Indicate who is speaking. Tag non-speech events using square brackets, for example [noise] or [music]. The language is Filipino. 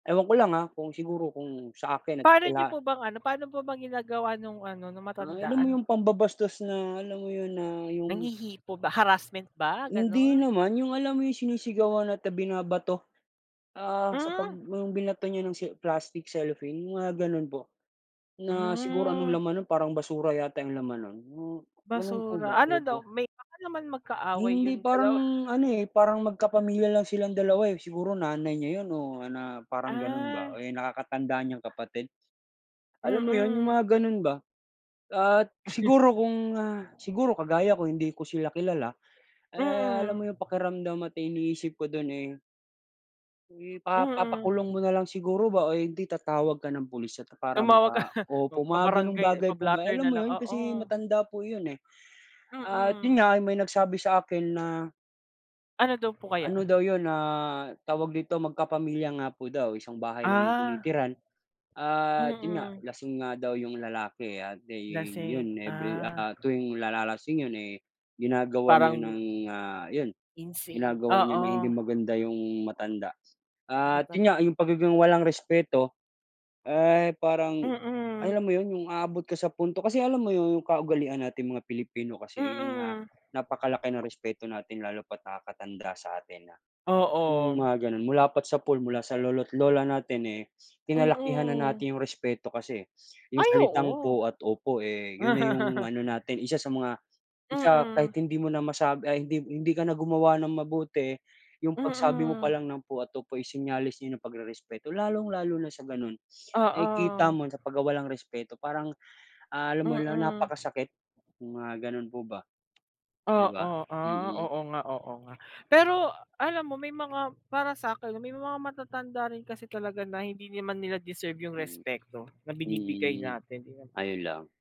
Speaker 1: Ewan ko lang, ah, kung siguro, kung sa akin
Speaker 2: Paano niyo
Speaker 1: nagpakila
Speaker 2: po bang ano paano po ba ginagawa no'ng ano, no'ng
Speaker 1: Ah,
Speaker 2: matanda,
Speaker 1: alam mo,
Speaker 2: ano?
Speaker 1: yung pambabastos na, alam mo 'yon, na yung
Speaker 2: Nanghihipo ba, harassment ba,
Speaker 1: Hindi
Speaker 2: gano'n?
Speaker 1: naman, yung alam mo yung, sinisigawan at, ah, binabato. Ah, sa 'pag
Speaker 2: Hmm.
Speaker 1: yung binato niya ng si plastic, cellophane, yung mga gano'n po. Na, siguro anong
Speaker 2: Hmm.
Speaker 1: laman no'n, parang basura yata yung laman no'n, gano'n po
Speaker 2: Basura
Speaker 1: ba,
Speaker 2: ano daw
Speaker 1: opo.
Speaker 2: may baka naman magkaaway
Speaker 1: Hindi,
Speaker 2: yung dalawa. [scoffs]
Speaker 1: parang ano, eh, parang magkapamilya lang silang dalawa, eh, siguro nanay niya 'yon o na, parang gano'n ba, o
Speaker 2: Ah.
Speaker 1: eh, nakakatanda niyang kapatid. Alam mo 'yon, yung
Speaker 2: Mm.
Speaker 1: mga gano'n ba. At siguro kung, ah,
Speaker 2: [chuckles]
Speaker 1: siguro kagaya ko, hindi ko sila kilala, eh, alam
Speaker 2: Mm.
Speaker 1: mo yung pakiramdam at iniisip ko do'n eh Ipa
Speaker 2: Mm.
Speaker 1: papakulong mo na lang siguro ba, o hindi, tatawag ka ng pulis at para
Speaker 2: Tumawag ka
Speaker 1: maka
Speaker 2: [chuckles]
Speaker 1: opo, mga gano'ng
Speaker 2: pa-barangay,
Speaker 1: bagay po ba,
Speaker 2: pa-blotter
Speaker 1: alam
Speaker 2: na
Speaker 1: mo
Speaker 2: lang,
Speaker 1: 'yon, kasi
Speaker 2: oo.
Speaker 1: matanda po 'yon, eh. At 'yon
Speaker 2: Mm.
Speaker 1: nga, may nagsabi sa akin na
Speaker 2: Ano daw po kaya.
Speaker 1: Ano daw 'yon, ah, tawag dito, magkapamilya nga po daw, isang bahay lang yung
Speaker 2: Ah.
Speaker 1: tinitirhan. At 'yon nga,
Speaker 2: Mm.
Speaker 1: lasing nga daw yung lalaki at, eh,
Speaker 2: Lasing,
Speaker 1: 'yon every,
Speaker 2: ah.
Speaker 1: ah, tuwing nalalalasing 'yon, eh, ginagawan niya
Speaker 2: Parang
Speaker 1: ng, ah, 'yon,
Speaker 2: insane,
Speaker 1: ginagawan niya ng hindi
Speaker 2: oo.
Speaker 1: maganda yung matanda. At 'yon
Speaker 2: Matanda.
Speaker 1: nga, yung pagiging walang respeto ay parang,
Speaker 2: Mm.
Speaker 1: alam mo 'yon, yung aabot ka sa punto kasi alam mo 'yon, yung kaugalian nating mga Pilipino kasi eh, yung, ah,
Speaker 2: Mm.
Speaker 1: napakalaki ng respeto natin lalo pa't nakakatanda sa atin na
Speaker 2: Oo.
Speaker 1: yung mga gano'n. Mula pa't sapul, mula sa lolo't lola natin, eh, kinalakihan na
Speaker 2: Mm.
Speaker 1: natin yung respeto kasi, eh, yung
Speaker 2: Ay,
Speaker 1: salitang
Speaker 2: oo.
Speaker 1: po at opo, eh, 'yon na yung
Speaker 2: [laughs]
Speaker 1: ano natin, isa sa mga, isa
Speaker 2: Mm.
Speaker 1: kahit hindi mo na masabi ay, hindi hindi ka na gumawa ng mabuti, yung pagsabi mo pa
Speaker 2: Mm.
Speaker 1: lang ng po at opo is senyales 'yon ng pagrerespeto. Lalong-lalo na sa gano'n, nakikita
Speaker 2: Oo.
Speaker 1: mo sa pagka walang respeto, parang, ah, alam mo,
Speaker 2: Mm.
Speaker 1: napakasakit, mga gano'n po ba, 'di ba.
Speaker 2: Oo, ah,
Speaker 1: Mm.
Speaker 2: oo nga, oo nga. Pero, alam mo, may mga para sa'kin, may mga matatanda rin kasi talaga na, hindi naman nila deserve yung
Speaker 1: Hmm,
Speaker 2: respeto, na binibigay
Speaker 1: mm,
Speaker 2: natin, 'di ba?
Speaker 1: ayun lang.